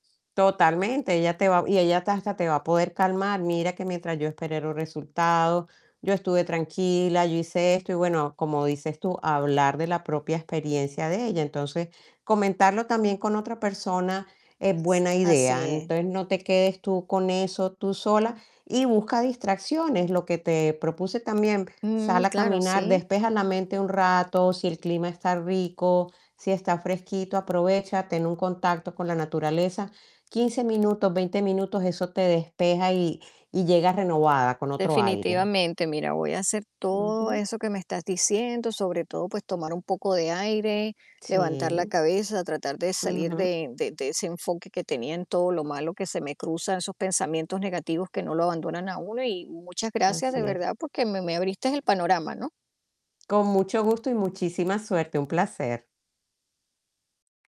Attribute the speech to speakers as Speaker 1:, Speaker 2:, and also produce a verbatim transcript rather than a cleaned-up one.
Speaker 1: Totalmente, ella te va y ella hasta hasta te va a poder calmar: "Mira, que mientras yo esperé los resultados, yo estuve tranquila, yo hice esto". Y bueno, como dices tú: "Hablar de la propia experiencia de ella". Entonces, comentarlo también con otra persona es buena
Speaker 2: S así
Speaker 1: idea.
Speaker 2: es.
Speaker 1: Entonces, no te quedes tú con eso tú sola, y busca distracciones, lo que te propuse también,
Speaker 2: Mm,
Speaker 1: sal a
Speaker 2: claro,
Speaker 1: caminar,
Speaker 2: sí.
Speaker 1: despeja la mente un rato, si el clima está rico, si está fresquito, aprovecha, ten un contacto con la naturaleza, quince minutos, veinte minutos, eso te despeja y y llegas renovada, con otro aire.
Speaker 2: Definitivamente. Mira, voy a hacer todo
Speaker 1: Ujú.
Speaker 2: eso que me estás diciendo, sobre todo, pues, tomar un poco de aire, levantar la
Speaker 1: Sí.
Speaker 2: cabeza, tratar de salir
Speaker 1: Ujú.
Speaker 2: de de de ese enfoque que tenía en todo lo malo que se me cruza, esos pensamientos negativos que no lo abandonan a uno. Y, muchas gracias de
Speaker 1: Así es.
Speaker 2: verdad, porque me me abriste el panorama, ¿no?
Speaker 1: Con mucho gusto, y muchísima suerte, un placer.